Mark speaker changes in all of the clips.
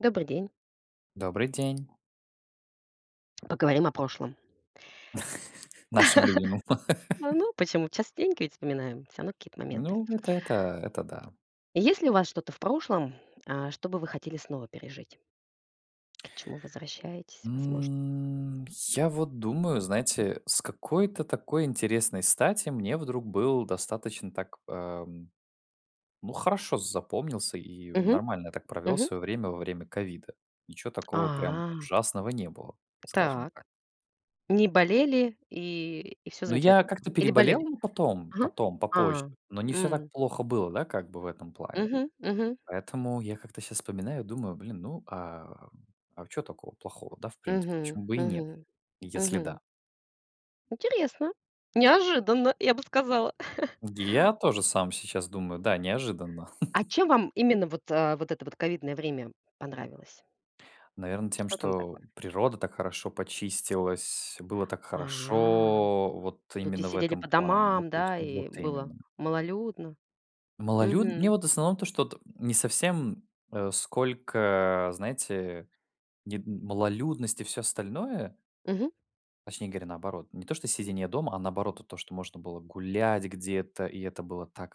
Speaker 1: Добрый день.
Speaker 2: Добрый день!
Speaker 1: Поговорим о прошлом.
Speaker 2: Нашим любимым.
Speaker 1: А, ну, почему? Частенько ведь вспоминаем всё равно какие-то моменты.
Speaker 2: Ну, это это это да.
Speaker 1: Есть ли у вас что-то в прошлом, а, что бы вы хотели снова пережить? К чему возвращаетесь, возможно?
Speaker 2: М, я вот думаю, знаете, с какой-то такой интересной стати мне вдруг был достаточно так, эм, ну, хорошо запомнился, и
Speaker 1: Мгм,
Speaker 2: нормально я так провел
Speaker 1: мгм.
Speaker 2: свое время во время ковида. Ниче такого прям
Speaker 1: А.
Speaker 2: ужасного не было, скажем
Speaker 1: Так,
Speaker 2: так.
Speaker 1: не болели, и и всё
Speaker 2: Ну, я
Speaker 1: замечательно было,
Speaker 2: как-то
Speaker 1: или болели?
Speaker 2: переболел потом
Speaker 1: Ага.
Speaker 2: потом, попозже,
Speaker 1: А,
Speaker 2: но не всё так
Speaker 1: м.
Speaker 2: плохо было, да, как бы в этом плане.
Speaker 1: Мгм, мгм.
Speaker 2: Поэтому я как-то щас вспоминаю, думаю: "Блин, ну, а, м, а чё такого плохого, да, в принципе,
Speaker 1: Мгм,
Speaker 2: почему бы и нет,
Speaker 1: мгм,
Speaker 2: если
Speaker 1: мгм.
Speaker 2: да".
Speaker 1: Интересно. Неожиданно, я бы сказала.
Speaker 2: Я тоже сам сейчас думаю: да, неожиданно.
Speaker 1: А чем вам именно вот, а, вот это вот ковидное время понравилось?
Speaker 2: Наверно, тем,
Speaker 1: Что там
Speaker 2: что
Speaker 1: такое?
Speaker 2: природа так хорошо почистилась, было так
Speaker 1: А,
Speaker 2: хорошо вот
Speaker 1: люди
Speaker 2: именно в
Speaker 1: сидели
Speaker 2: этом
Speaker 1: по
Speaker 2: плане.
Speaker 1: домам,
Speaker 2: [unintelligible]
Speaker 1: да,
Speaker 2: Вот
Speaker 1: и было
Speaker 2: именно.
Speaker 1: малолюдно?
Speaker 2: Малолюд Мне
Speaker 1: Мгм.
Speaker 2: вот в основном то, что вот не совсем, э, сколько, знаете, не д малолюдность и всё остальное.
Speaker 1: Мгм.
Speaker 2: Точнее говоря, наоборот, не то что сидение дома, а наоборот, вот то, что можно было гулять где-то, и это было так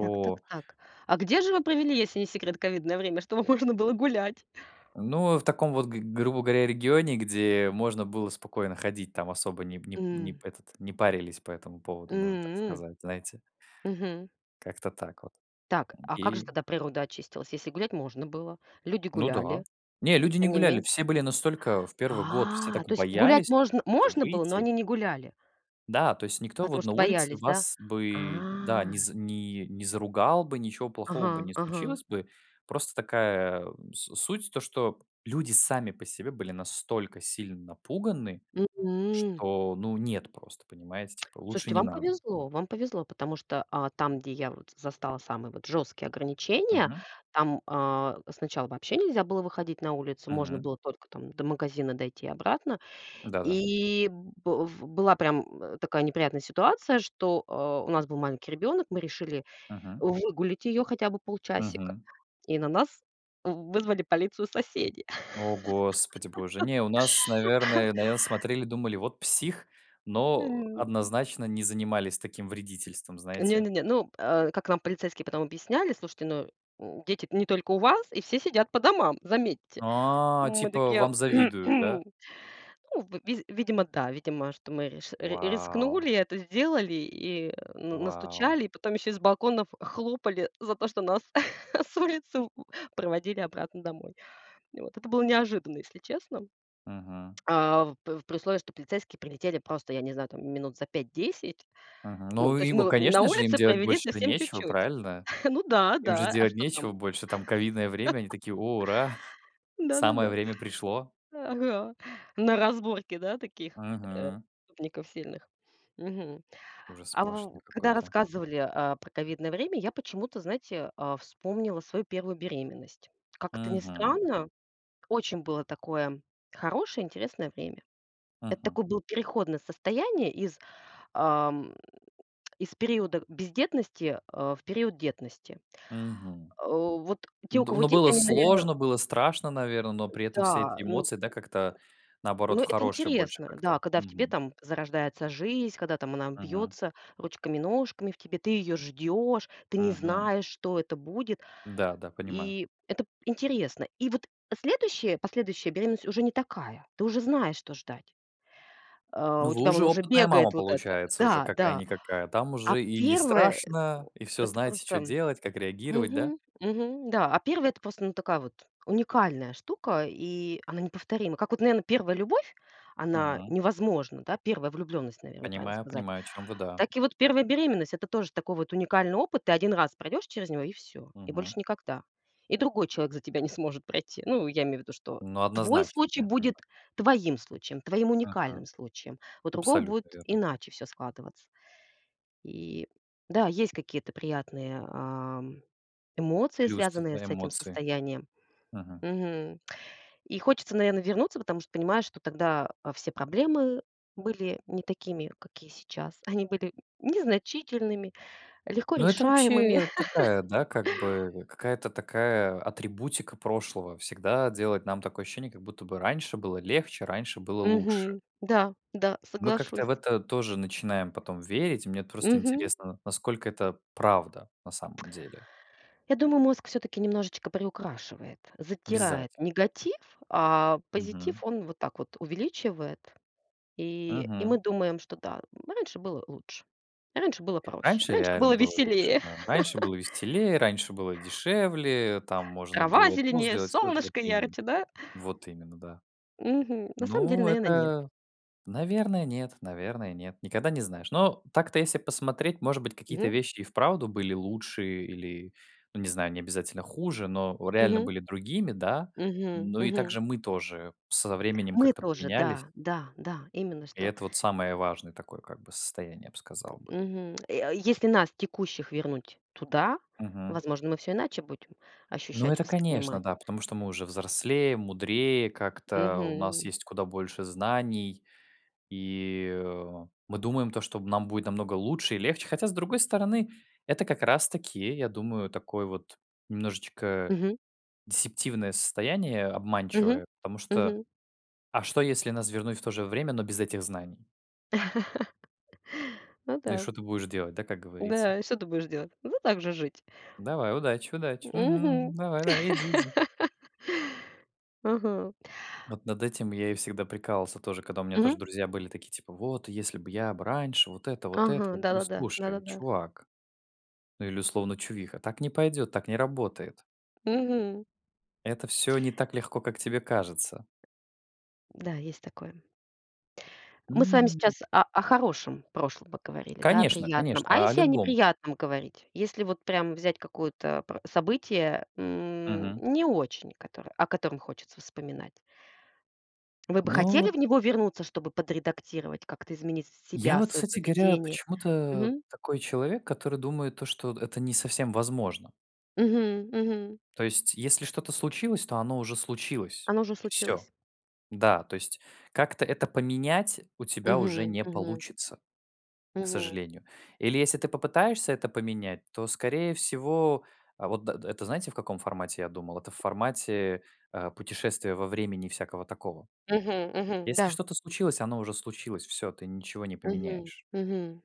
Speaker 1: Так, так, так. А где же вы провели, если не секрет, ковидное время, чтобы можно было гулять?
Speaker 2: Ну, в таком вот, г грубо говоря, регионе, где можно было спокойно ходить, там особо не п не п не
Speaker 1: М.
Speaker 2: п этот, не парились по этому поводу, можно так
Speaker 1: М.
Speaker 2: сказать, знаете.
Speaker 1: Мгм.
Speaker 2: Как-то так вот,
Speaker 1: Так,
Speaker 2: м,
Speaker 1: а как же
Speaker 2: и
Speaker 1: тогда природа очистилась, если гулять можно было? Люди
Speaker 2: Ну да.
Speaker 1: гуляли,
Speaker 2: Не,
Speaker 1: и
Speaker 2: люди не
Speaker 1: тем не
Speaker 2: гуляли,
Speaker 1: менее
Speaker 2: все были настолько в 1 год, все
Speaker 1: А,
Speaker 2: так
Speaker 1: то есть гулять
Speaker 2: боялись
Speaker 1: можн
Speaker 2: куда-то
Speaker 1: можно было, но
Speaker 2: выйти.
Speaker 1: они не гуляли.
Speaker 2: Да, то есть никто
Speaker 1: Потому
Speaker 2: вот на
Speaker 1: что
Speaker 2: улице
Speaker 1: боялись, да?
Speaker 2: вас бы, да,
Speaker 1: А.
Speaker 2: не з не не заругал бы, ничего плохого бы
Speaker 1: Ага,
Speaker 2: не
Speaker 1: ага.
Speaker 2: случилось бы. Просто такая, м, с суть то, что люди сами по себе были настолько сильно напуганы,
Speaker 1: Мгм.
Speaker 2: что, ну, нет просто, понимаете, типа лучше
Speaker 1: Слушайте,
Speaker 2: не
Speaker 1: вам
Speaker 2: надо.
Speaker 1: повезло, вам повезло, потому что, а, там, где я вот застала самые вот жесткие ограничения,
Speaker 2: Мгм.
Speaker 1: там, а, сначала вообще нельзя было выходить на улицу. Можно
Speaker 2: Мгм.
Speaker 1: было только там до магазина дойти и обратно.
Speaker 2: Да-да.
Speaker 1: И, б в была прям такая неприятная ситуация, что, э, у нас был маленький ребенок, мы решили
Speaker 2: Мгм.
Speaker 1: выгулять ее хотя бы полчасика,
Speaker 2: Мгм.
Speaker 1: и на нас в вызвали полицию соседи.
Speaker 2: О, Господи Боже, не, у нас, наверное наверно, смотрели и думали: "Вот псих". Но
Speaker 1: М.
Speaker 2: однозначно не занимались таким вредительством,
Speaker 1: Не,
Speaker 2: знаете.
Speaker 1: не, не. Ну, э, как нам полицейские потом объясняли: "Слушайте, ну, дети не только у вас, и все сидят по домам, заметьте".
Speaker 2: А,
Speaker 1: Мы
Speaker 2: типа
Speaker 1: такие:"".
Speaker 2: вам завидуют, да?
Speaker 1: Ну, в виз видимо, да, видимо, что мы риш
Speaker 2: Вау!
Speaker 1: рискнули, это сделали, и н
Speaker 2: Вау!
Speaker 1: настучали, и потом еще и с балконов хлопали за то, что нас с улицы проводили обратно домой, вот. Это было неожиданно, если честно.
Speaker 2: Мгм.
Speaker 1: А в п при условии, что полицейские прилетели просто, я не знаю, там минут за 5-10.
Speaker 2: Мгм.
Speaker 1: Ну,
Speaker 2: Ну
Speaker 1: то есть
Speaker 2: и, о,
Speaker 1: вот мы на
Speaker 2: конечно же, им
Speaker 1: улице
Speaker 2: делать
Speaker 1: провели
Speaker 2: больше
Speaker 1: совсем
Speaker 2: нечего,
Speaker 1: чуть-чуть.
Speaker 2: правильно?
Speaker 1: Ну да,
Speaker 2: Им же
Speaker 1: да. А
Speaker 2: делать
Speaker 1: что там?
Speaker 2: нечего больше там, ковидное время, они такие: "О, ура, самое
Speaker 1: Да-да-да.
Speaker 2: время пришло!"
Speaker 1: Ага. На разборки, да, таких, э,
Speaker 2: Мгм.
Speaker 1: преступников сильных. Мгм.
Speaker 2: Ужас
Speaker 1: А
Speaker 2: сплошной
Speaker 1: в когда
Speaker 2: какой-то.
Speaker 1: рассказывали, а, про ковидное время, я почему-то, знаете, а, вспомнила свою 1 беременность. Как это ни
Speaker 2: Мгм.
Speaker 1: странно, очень было такое хорошее, интересное время. Это
Speaker 2: Мгм.
Speaker 1: такое было переходное состояние из, ам, из периода бездетности, э, в период детности.
Speaker 2: Мгм.
Speaker 1: Э, вот те, у
Speaker 2: Д
Speaker 1: кого
Speaker 2: но
Speaker 1: дети,
Speaker 2: было
Speaker 1: они, наверно
Speaker 2: сложно, было страшно, наверно, но при этом все
Speaker 1: Да,
Speaker 2: эти
Speaker 1: ну
Speaker 2: эмоции, да, как-то, наоборот,
Speaker 1: Ну,
Speaker 2: в
Speaker 1: это
Speaker 2: хорошее больше
Speaker 1: интересно, да,
Speaker 2: как-то,
Speaker 1: когда в тебе
Speaker 2: мгм.
Speaker 1: там зарождается жизнь, когда там она
Speaker 2: Мгм.
Speaker 1: бьется ручками-ножками в тебе, ты её ждешь. Ты не
Speaker 2: Мгм.
Speaker 1: знаешь, что это будет.
Speaker 2: Да, да, понимаю.
Speaker 1: И это п интересно, и вот следующая, последующая беременность уже не такая, ты уже знаешь, что ждать. А,
Speaker 2: Ну,
Speaker 1: у
Speaker 2: вы
Speaker 1: тебя вон
Speaker 2: уже
Speaker 1: уже
Speaker 2: опытная мама,
Speaker 1: бегает вот это.
Speaker 2: получается, уже
Speaker 1: Да, да.
Speaker 2: какая-никакая, там
Speaker 1: А
Speaker 2: уже и не
Speaker 1: 1, э,
Speaker 2: страшно,
Speaker 1: о,
Speaker 2: и всё
Speaker 1: это
Speaker 2: знаете, чё
Speaker 1: просто
Speaker 2: делать, как реагировать, да?
Speaker 1: мгм, мгм, да, а 1- это просто, ну, такая вот уникальная штука, и она неповторима. Как вот, наверно, 1 любовь, она
Speaker 2: Мгм.
Speaker 1: невозможна, да? 1 влюбленность, наверно, правильно
Speaker 2: Понимаю,
Speaker 1: сказать.
Speaker 2: понимаю, о чём вы, да.
Speaker 1: Так и вот 1 беременность- это тоже такой вот уникальный опыт. Ты 1 раз пройдешь через него, и всё. И больше
Speaker 2: Мгм.
Speaker 1: никогда. И другой человек за тебя не сможет пройти. Ну, я имею в виду, что
Speaker 2: Ну,
Speaker 1: твой
Speaker 2: однозначно,
Speaker 1: случай
Speaker 2: да, я
Speaker 1: будет
Speaker 2: понимаю.
Speaker 1: твоим случаем, твоим уникальным
Speaker 2: Мгм.
Speaker 1: случаем. У другого будет
Speaker 2: Абсолютно верно.
Speaker 1: иначе всё складываться. И да, есть какие-то приятные, ам, эмоции,
Speaker 2: Плюс
Speaker 1: связанные
Speaker 2: всегда
Speaker 1: с этим
Speaker 2: эмоции.
Speaker 1: состоянием.
Speaker 2: Мгм.
Speaker 1: Мгм. И хочется, наверно, вернуться, потому что понимаешь, что тогда, а, все проблемы были не такими, какие сейчас. Они были незначительными, легко
Speaker 2: Ну, это
Speaker 1: решаемыми.
Speaker 2: вообще такая, да, как бы какая-то такая атрибутика прошлого- всегда делать нам такое ощущение, как будто бы раньше было легче, раньше было лучше.
Speaker 1: Мгм, да, да,
Speaker 2: Мы как-то в
Speaker 1: соглашусь.
Speaker 2: это тоже начинаем потом верить. Мне вот просто
Speaker 1: Мгм.
Speaker 2: интересно, насколько это правда на самом деле.
Speaker 1: Я думаю, мозг всё-таки немножечко приукрашивает,
Speaker 2: Обязательно.
Speaker 1: затирает негатив, а позитив
Speaker 2: Мгм.
Speaker 1: он вот так вот увеличивает. И и мы
Speaker 2: Мгм.
Speaker 1: думаем, что да, раньше было лучше. Раньше было проще.
Speaker 2: Раньше
Speaker 1: Раньше
Speaker 2: реально
Speaker 1: было
Speaker 2: было лучше,
Speaker 1: веселее.
Speaker 2: да, раньше было веселее, раньше было дешевле, там можно
Speaker 1: Трава
Speaker 2: было просто
Speaker 1: зеленее,
Speaker 2: сделать всё это, вот
Speaker 1: солнышко
Speaker 2: именно,
Speaker 1: ярче. Да?
Speaker 2: вот именно, да.
Speaker 1: Мгм. На самом деле,
Speaker 2: Ну,
Speaker 1: наверно, нет.
Speaker 2: это Наверное, нет, наверное, нет. Никогда не знаешь, но так-то, если посмотреть, может быть, какие-то
Speaker 1: Мгм.
Speaker 2: вещи и вправду были лучше или, ну, не знаю, не обязательно хуже, но реально
Speaker 1: Мгм.
Speaker 2: были другими, да.
Speaker 1: Мгм,
Speaker 2: Но и
Speaker 1: мгм.
Speaker 2: также мы тоже с со временем
Speaker 1: Мы
Speaker 2: как-то
Speaker 1: тоже,
Speaker 2: поменялись.
Speaker 1: да, да, да, именно
Speaker 2: И
Speaker 1: что.
Speaker 2: это вот самое важное такое как бы состояние, я б сказал бы.
Speaker 1: Мгм. Э, если нас текущих вернуть туда,
Speaker 2: Мгм.
Speaker 1: возможно, мы всё иначе будем
Speaker 2: Ну
Speaker 1: ощущать,
Speaker 2: это, конечно,
Speaker 1: воспринимать.
Speaker 2: да, потому что мы уже взрослее, мудрее, как-то у нас
Speaker 1: Мгм.
Speaker 2: есть куда больше знаний, и, э, мы думаем то, что нам будет намного лучше и легче, хотя, с другой стороны, это как раз таки, я думаю, такое вот немножечко
Speaker 1: Мгм.
Speaker 2: дисептивное состояние,
Speaker 1: Мгм,
Speaker 2: обманчивое, потому что
Speaker 1: мгм.
Speaker 2: а что, если нас вернуть в то же время, но без этих знаний?
Speaker 1: Ну
Speaker 2: Ну и
Speaker 1: да.
Speaker 2: что ты будешь делать, да, как говорится?
Speaker 1: Да, и что ты будешь делать? Надо так же жить.
Speaker 2: Давай, удачи, удачи, мгм,
Speaker 1: Мгм.
Speaker 2: мгм, давай, давай, иди, иди.
Speaker 1: Ага.
Speaker 2: Вот над этим я и всегда прикалывался тоже, когда у меня тоже
Speaker 1: Мгм.
Speaker 2: друзья были такие, типа: "Вот, если б я б раньше, вот это, вот это!"
Speaker 1: Ага,
Speaker 2: Я говорю:
Speaker 1: да-да-да,
Speaker 2: "Слушай,
Speaker 1: да-да-да.
Speaker 2: чувак!" Ну или, условно, чувиха: "Так не пойдет, так не работает!"
Speaker 1: Мгм.
Speaker 2: Это всё не так легко, как тебе кажется!
Speaker 1: Да, есть такое. Мы с вами
Speaker 2: М.
Speaker 1: сейчас о о хорошем прошлом говорили, да, о
Speaker 2: Конечно,
Speaker 1: приятном. А
Speaker 2: конечно, о
Speaker 1: если о
Speaker 2: любом.
Speaker 1: неприятном говорить? Если вот прям взять какое-то про событие, м,
Speaker 2: Мгм.
Speaker 1: не очень, котор о котором хочется вспоминать. Вы бы
Speaker 2: Ну
Speaker 1: хотели
Speaker 2: вот
Speaker 1: в него вернуться, чтобы подредактировать, как-то изменить с
Speaker 2: Я
Speaker 1: себя,
Speaker 2: вот,
Speaker 1: свое
Speaker 2: кстати говоря,
Speaker 1: поведение?
Speaker 2: почему-то
Speaker 1: Мгм.
Speaker 2: такой человек, который думает то, что д это не совсем возможно.
Speaker 1: Мгм, мгм.
Speaker 2: То есть если что-то случилось, то оно уже случилось.
Speaker 1: Оно уже
Speaker 2: И всё,
Speaker 1: случилось.
Speaker 2: да, то есть как-то это поменять у тебя уже
Speaker 1: Мгм,
Speaker 2: не
Speaker 1: мгм.
Speaker 2: получится, к
Speaker 1: Мгм.
Speaker 2: сожалению. Или если ты попытаешься это поменять, то, скорее всего, а вот д д это знаете, в каком формате я думал? Это в формате, а, путешествия во времени и всякого такого.
Speaker 1: Мгм, мгм,
Speaker 2: Если
Speaker 1: да.
Speaker 2: что-то случилось, оно уже случилось, всё, ты ничего не
Speaker 1: Мгм,
Speaker 2: поменяешь.
Speaker 1: мгм.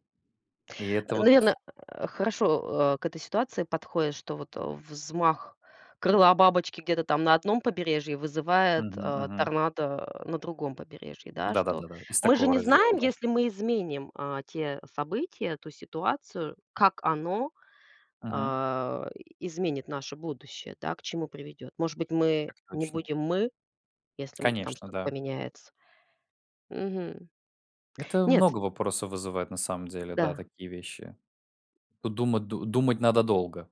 Speaker 2: И это
Speaker 1: Э,
Speaker 2: вот
Speaker 1: наверное, хорошо, э, к этой ситуации подходит, что вот, а, взмах крыла бабочки где-то там на одном побережье вызывает,
Speaker 2: Мгм,
Speaker 1: а,
Speaker 2: мгм.
Speaker 1: торнадо, э, на другом побережье, да,
Speaker 2: Да да
Speaker 1: что.
Speaker 2: да да, из
Speaker 1: Мы же
Speaker 2: такого
Speaker 1: не
Speaker 2: раздела,
Speaker 1: знаем,
Speaker 2: да.
Speaker 1: если мы изменим, а, те события, ту ситуацию, как оно,
Speaker 2: Мгм.
Speaker 1: а, изменит наше будущее, да, к чему приведет. Может быть, мы
Speaker 2: Так
Speaker 1: не
Speaker 2: точно.
Speaker 1: будем мы, если, м, там
Speaker 2: Конечно,
Speaker 1: что-то
Speaker 2: да.
Speaker 1: поменяется. Мгм.
Speaker 2: Это
Speaker 1: Нет.
Speaker 2: много вопросов вызывает на самом деле, да,
Speaker 1: Да.
Speaker 2: такие вещи. Тут дума ду думать надо долго.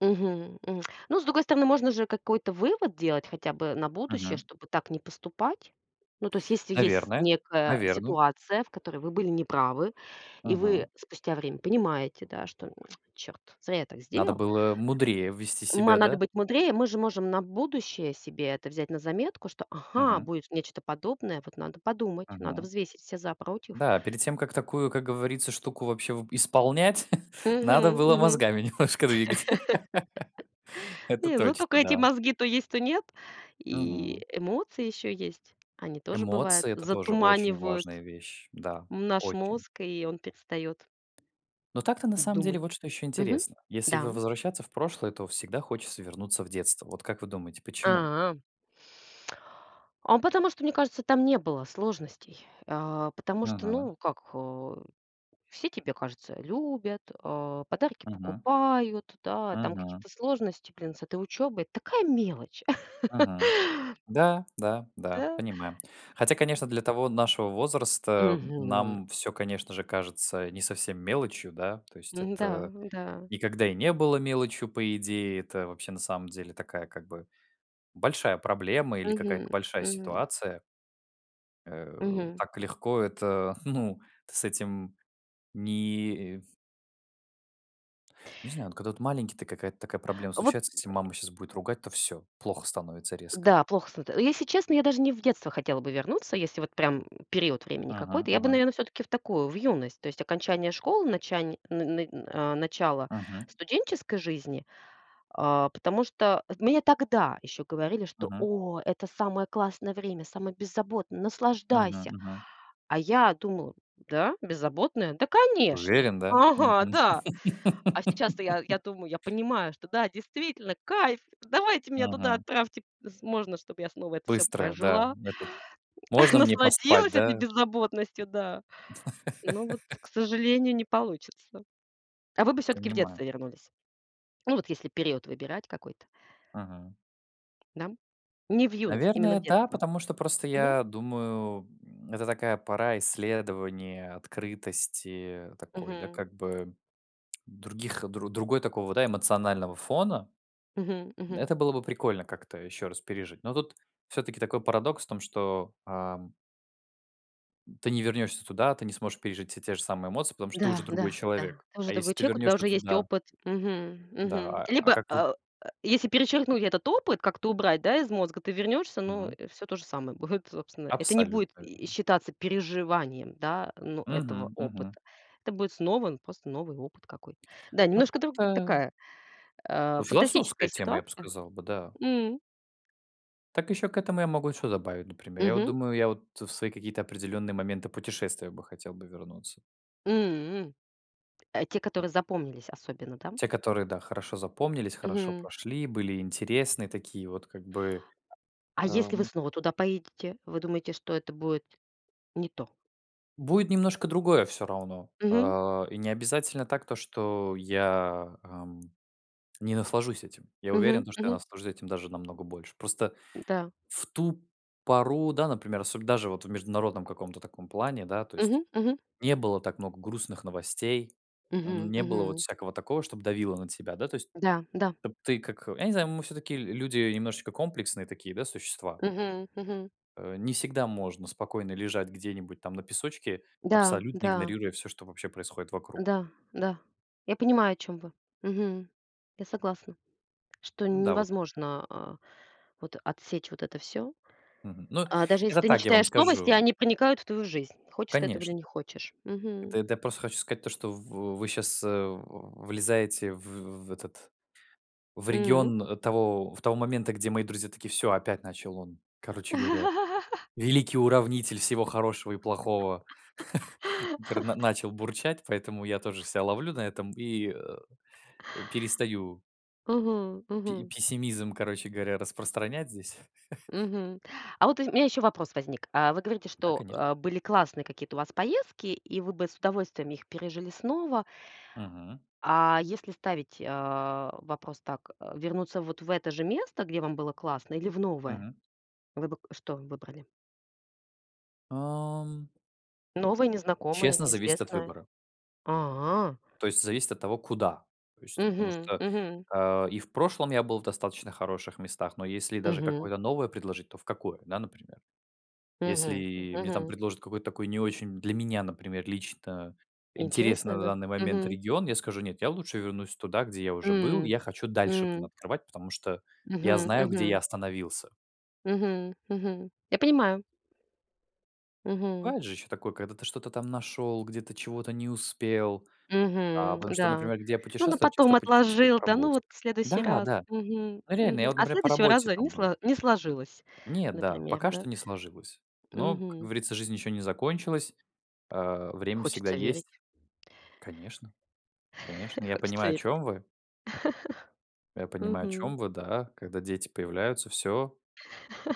Speaker 1: Мгм, мгм. Ну, с другой стороны, можно же какой-то вывод делать хотя бы на будущее,
Speaker 2: Мгм.
Speaker 1: чтобы так не поступать. Ну, то есть, если есть с
Speaker 2: Наверное,
Speaker 1: некая
Speaker 2: наверное.
Speaker 1: ситуация, в которой вы были не правы, и
Speaker 2: Мгм.
Speaker 1: вы спустя время понимаете, да, что: "Черт, зря я так
Speaker 2: Надо
Speaker 1: сделал".
Speaker 2: было мудрее вести
Speaker 1: Ма
Speaker 2: себя,
Speaker 1: надо
Speaker 2: да?
Speaker 1: быть мудрее. Мы же можем на будущее себе это взять на заметку, что: "Ага,
Speaker 2: Мгм.
Speaker 1: будет нечто подобное, вот надо подумать, надо
Speaker 2: Мгм.
Speaker 1: взвесить все за, против".
Speaker 2: Да. Перед тем как такую, как говорится, штуку вообще вы исполнять, надо
Speaker 1: Мгм,
Speaker 2: было
Speaker 1: мгм.
Speaker 2: мозгами немножко двигать. Это
Speaker 1: Не, ну
Speaker 2: точно,
Speaker 1: тока эти
Speaker 2: да.
Speaker 1: мозги то есть, то нет, и
Speaker 2: Мгм.
Speaker 1: эмоции еще есть, они тоже, бывает,
Speaker 2: Эмоции- это тоже очень
Speaker 1: затуманивают
Speaker 2: важная вещь, да,
Speaker 1: наш
Speaker 2: очень.
Speaker 1: мозг, и он перестает
Speaker 2: Но так-то, на самом деле,
Speaker 1: думать.
Speaker 2: вот что еще
Speaker 1: Мгм,
Speaker 2: интересно. Если в
Speaker 1: да, м.
Speaker 2: возвращаться в прошлое, то всегда хочется вернуться в детство. Вот как вы думаете, почему?
Speaker 1: А. А потому что, мне кажется, там не было сложностей. А, потому что,
Speaker 2: Мгм.
Speaker 1: ну как, э, все, тебе кажется, любят, а, подарки
Speaker 2: Мгм.
Speaker 1: покупают, да, там
Speaker 2: Мгм.
Speaker 1: какие-то сложности, блин, с этой учебой. Такая мелочь.
Speaker 2: Мгм, да, да, да,
Speaker 1: Да.
Speaker 2: понимаем, хотя, конечно, для того нашего возраста, м,
Speaker 1: Мгм.
Speaker 2: нам всё, конечно же, кажется не совсем мелочью, да, то есть
Speaker 1: Мгм, да,
Speaker 2: это
Speaker 1: да.
Speaker 2: никогда и не было мелочью, по идее, это вообще, на самом деле, такая как бы большая проблема или какая-то
Speaker 1: Мгм,
Speaker 2: большая
Speaker 1: мгм.
Speaker 2: ситуация. Э,
Speaker 1: Мгм.
Speaker 2: так легко это, ну, ты с этим не и Не знаю, но вот когда вот маленький ты, какая-то такая проблема
Speaker 1: Вот
Speaker 2: случается: если мама щас будет ругать, то всё, плохо становится резко.
Speaker 1: Да, плохо становится. Если честно, я даже не в детство хотела бы вернуться, если вот прям период времени
Speaker 2: Мгм,
Speaker 1: какой-то, я бы,
Speaker 2: мгм.
Speaker 1: наверно, всё-таки в такую, в юность. То есть окончание школы, начани н н на начало
Speaker 2: Мгм.
Speaker 1: студенческой жизни, а, потому что мне тогда еще говорили, что:
Speaker 2: Мгм.
Speaker 1: "О, это самое классное время, самое беззаботное,
Speaker 2: Мгм,
Speaker 1: наслаждайся".
Speaker 2: мгм.
Speaker 1: А я думала: "Да, беззаботное? Да, конечно!
Speaker 2: Уверен, да? Мгм.
Speaker 1: Ага, да". А сейчас-то я я думаю, я понимаю, что да, действительно, кайф. Давайте меня туда
Speaker 2: Мгм.
Speaker 1: отправьте, п с можно, чтобы я снова это всё
Speaker 2: Быстрое, да.
Speaker 1: прожила,
Speaker 2: Ну, этот. Можно мне поспать,
Speaker 1: насладилась этой
Speaker 2: да?
Speaker 1: беззаботностью, да. Но вот, к сожалению, не получится. А вы бы всё-таки в
Speaker 2: Понимаю.
Speaker 1: детство вернулись? Ну, вот если период выбирать какой-то.
Speaker 2: Мгм.
Speaker 1: Да? Не в юность, именно
Speaker 2: Наверное,
Speaker 1: в
Speaker 2: да,
Speaker 1: детство.
Speaker 2: потому что просто
Speaker 1: Мгм.
Speaker 2: я думаю, м, это такая пора исследования, открытости такой, да,
Speaker 1: Мгм.
Speaker 2: как бы других, дру другой такого, да, эмоционального фона.
Speaker 1: Мгм, мгм.
Speaker 2: Это было бы прикольно как-то еще раз пережить, но тут всё-таки такой парадокс в том, что, ам ты не вернешься туда, ты не сможешь пережить все те же самые эмоции, потому что ты уже
Speaker 1: Да,
Speaker 2: другой
Speaker 1: да, да,
Speaker 2: человек.
Speaker 1: ты
Speaker 2: А
Speaker 1: тоже
Speaker 2: если
Speaker 1: другой
Speaker 2: ты
Speaker 1: человек, у тебя
Speaker 2: вернешься
Speaker 1: уже есть
Speaker 2: туда
Speaker 1: опыт, мгм,
Speaker 2: Да.
Speaker 1: мгм,
Speaker 2: А а
Speaker 1: либо,
Speaker 2: как вот
Speaker 1: а, э, если перечеркнуть этот опыт, как-то убрать, да, из мозга, ты вернешься, но
Speaker 2: Мгм.
Speaker 1: всё то же самое будет, собственно, это не будет
Speaker 2: Абсолютно
Speaker 1: и
Speaker 2: верно.
Speaker 1: считаться переживанием, да, ну, этого
Speaker 2: Мгм, мгм.
Speaker 1: опыта. Это будет снова н просто новый опыт какой-то. Да,
Speaker 2: Ну,
Speaker 1: немножко друг
Speaker 2: так-то
Speaker 1: такая, а,
Speaker 2: Ну, философская
Speaker 1: фантастическая
Speaker 2: тема, я б
Speaker 1: ситуация.
Speaker 2: сказал бы, да.
Speaker 1: М.
Speaker 2: Так еще к этому я могу что добавить, например. Я вот
Speaker 1: Мгм.
Speaker 2: думаю, я вот в свои какие-то определенные моменты путешествия бы хотел бы вернуться.
Speaker 1: М, э, те, которые запомнились особенно, да?
Speaker 2: Те, которые да, хорошо запомнились, хорошо
Speaker 1: Мгм.
Speaker 2: прошли, были интересные такие вот как бы.
Speaker 1: А
Speaker 2: А,
Speaker 1: если вы
Speaker 2: ну
Speaker 1: снова туда поедете, вы думаете, что это будет не то?
Speaker 2: Будет немножко другое всё равно,
Speaker 1: Мгм.
Speaker 2: а, и не обязательно так то, что я, ам, не наслажусь этим, я уверен,
Speaker 1: Мгм,
Speaker 2: то, что я
Speaker 1: мгм.
Speaker 2: наслажусь этим даже намного больше. Просто
Speaker 1: Н-да.
Speaker 2: в ту пору, да, например, особ даже вот в международном каком-то таком плане, да, то есть
Speaker 1: Мгм, мгм.
Speaker 2: не было так много грустных новостей, м,
Speaker 1: Мгм,
Speaker 2: не было вот
Speaker 1: мгм.
Speaker 2: всякого такого, чтоб давило на тебя, да, то есть.
Speaker 1: Да, да.
Speaker 2: Вот ты, как я не знаю, мы всё-таки л люди немножечко комплексные такие, да, существа.
Speaker 1: Мгм, мгм.
Speaker 2: Э, не всегда можно спокойно лежать где-нибудь там на песочке,
Speaker 1: Да,
Speaker 2: абсолютно
Speaker 1: да.
Speaker 2: игнорируя всё, что вообще происходит вокруг.
Speaker 1: Да, да, я понимаю, о чём вы. Мгм. Я согласна, что
Speaker 2: Ну
Speaker 1: н
Speaker 2: да, вот.
Speaker 1: невозможно, а, вот отсечь вот это всё,
Speaker 2: Мгм. Ну,
Speaker 1: а, даже если
Speaker 2: это
Speaker 1: ты не
Speaker 2: так, я вам
Speaker 1: читаешь новости,
Speaker 2: скажу.
Speaker 1: они проникают в твою жизнь, хочешь ты этого или
Speaker 2: Конечно!
Speaker 1: не хочешь.
Speaker 2: Это
Speaker 1: Мгм.
Speaker 2: эт я просто хочу сказать то, что в вы сейчас, э, в влезаете в в этот, в
Speaker 1: М.
Speaker 2: регион того в того момента, где мои друзья такие: "Всё, опять начал он, короче говоря, великий уравнитель всего хорошего и плохого". Интер начал бурчать, поэтому я тоже ся ловлю на этом и, э, э, перестаю.
Speaker 1: Мгм,
Speaker 2: И пе
Speaker 1: мгм.
Speaker 2: пессимизм, короче говоря, распространять здесь.
Speaker 1: Мгм. А вот, ы у меня еще вопрос возник. А, вы говорите,
Speaker 2: Да,
Speaker 1: что,
Speaker 2: конечно.
Speaker 1: э, были классные какие-то у вас поездки и вы бы с удовольствием их пережили снова.
Speaker 2: Мгм.
Speaker 1: А если ставить, а, вопрос так: вернуться вот в это же место, где вам было классно, или в новое?
Speaker 2: Мгм.
Speaker 1: Вы бы к что выбрали?
Speaker 2: Ам.
Speaker 1: Новая, незнакомая,
Speaker 2: Честно, зависит от
Speaker 1: неизвестная.
Speaker 2: выбора.
Speaker 1: А.
Speaker 2: То есть зависит от того, куда. То есть потому
Speaker 1: Мгм,
Speaker 2: что,
Speaker 1: мгм.
Speaker 2: а, и в прошлом я был в достаточно хороших местах, но если даже
Speaker 1: Мгм.
Speaker 2: какое-то новое предложить, то в какое, да, например?
Speaker 1: Мгм, м,
Speaker 2: Если мне там
Speaker 1: мгм.
Speaker 2: предложат какой-то такой не очень для меня, например, лично, интересный,
Speaker 1: Интересное,
Speaker 2: на
Speaker 1: да?
Speaker 2: данный момент,
Speaker 1: Мгм.
Speaker 2: регион, я скажу: "Нет, я лучше вернусь туда, где я уже был". И
Speaker 1: М,
Speaker 2: я хочу дальше там
Speaker 1: м.
Speaker 2: открывать, потому что я
Speaker 1: Мгм,
Speaker 2: знаю, где я
Speaker 1: мгм.
Speaker 2: остановился.
Speaker 1: Мгм, мгм. Я понимаю. Мгм.
Speaker 2: Бывает же еще такое, когда ты что-то там нашел, где-то чего-то не успел, а,
Speaker 1: Мгм,
Speaker 2: потому что,
Speaker 1: да.
Speaker 2: например, где я
Speaker 1: Ну, на
Speaker 2: путешествую, я
Speaker 1: потом
Speaker 2: часто путешествовал
Speaker 1: отложил,
Speaker 2: по
Speaker 1: да, ну
Speaker 2: работе.
Speaker 1: вот в следующий
Speaker 2: Да,
Speaker 1: раз.
Speaker 2: да.
Speaker 1: Мгм,
Speaker 2: Ну, реально,
Speaker 1: мгм.
Speaker 2: я вот,
Speaker 1: А
Speaker 2: например, по
Speaker 1: следующего
Speaker 2: работе
Speaker 1: раза не
Speaker 2: там был.
Speaker 1: сло не сложилось,
Speaker 2: Не, да.
Speaker 1: например,
Speaker 2: Пока
Speaker 1: да?
Speaker 2: что не сложилось. Но, как
Speaker 1: Мгм.
Speaker 2: говорится, жизнь еще не закончилась. Э, время всегда
Speaker 1: Хочется верить.
Speaker 2: есть. Конечно. Конечно. Я
Speaker 1: Хочется
Speaker 2: понимаю, о
Speaker 1: верить.
Speaker 2: чем вы. Я понимаю, о
Speaker 1: Мгм.
Speaker 2: чем вы. Да. Когда дети появляются, всё.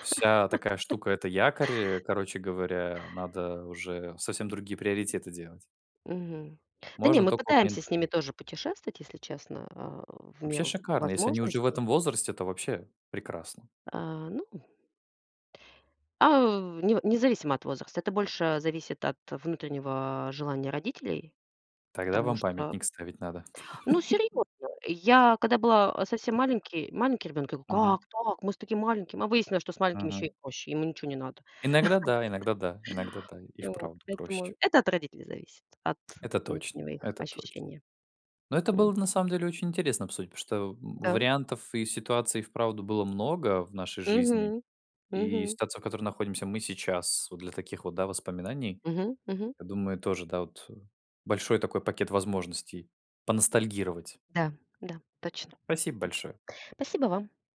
Speaker 2: Вся такая штука- это якорь. Э, короче говоря, надо уже совсем другие приоритеты делать.
Speaker 1: Мгм. Да не,
Speaker 2: Можно
Speaker 1: мы
Speaker 2: только вот
Speaker 1: пытаемся с ними
Speaker 2: ментально.
Speaker 1: тоже путешествовать, если честно, э, в
Speaker 2: Вообще
Speaker 1: меру
Speaker 2: шикарно. Если они уже в
Speaker 1: возможностей.
Speaker 2: этом возрасте, то вообще прекрасно.
Speaker 1: А, ну. А, нев независимо от возраста. Это больше зависит от внутреннего, а, желания родителей.
Speaker 2: Тогда
Speaker 1: Потому
Speaker 2: вам
Speaker 1: что
Speaker 2: памятник ставить надо.
Speaker 1: Ну серьезно, я, когда была, э, совсем маленький маленький ребенок, я говорю:
Speaker 2: Мгм.
Speaker 1: "Как так? Мы с таким маленьким". Мы выяснили, что с маленьким еще
Speaker 2: Мгм.
Speaker 1: и проще: ему ниче не надо.
Speaker 2: Иногда да, иногда да, иногда да, и
Speaker 1: И вот,
Speaker 2: вправду проще.
Speaker 1: видимо, это от родителей зависит, от
Speaker 2: Это точно,
Speaker 1: внутреннего их
Speaker 2: это точно.
Speaker 1: ощущения.
Speaker 2: Но это
Speaker 1: М.
Speaker 2: было на самом деле очень интересно обсудить, потому что, э,
Speaker 1: Да.
Speaker 2: вариантов и ситуаций и вправду было много в нашей жизни.
Speaker 1: Мгм.
Speaker 2: И
Speaker 1: Мгм.
Speaker 2: ситуация, в которой находимся мы сейчас, для таких вот, да, воспоминаний,
Speaker 1: Мгм, мгм.
Speaker 2: я думаю, тоже, да вот, э, большой такой пакет возможностей поностальгировать.
Speaker 1: Да, да, точно.
Speaker 2: Спасибо
Speaker 1: Точно.
Speaker 2: большое.
Speaker 1: Спасибо вам. До сви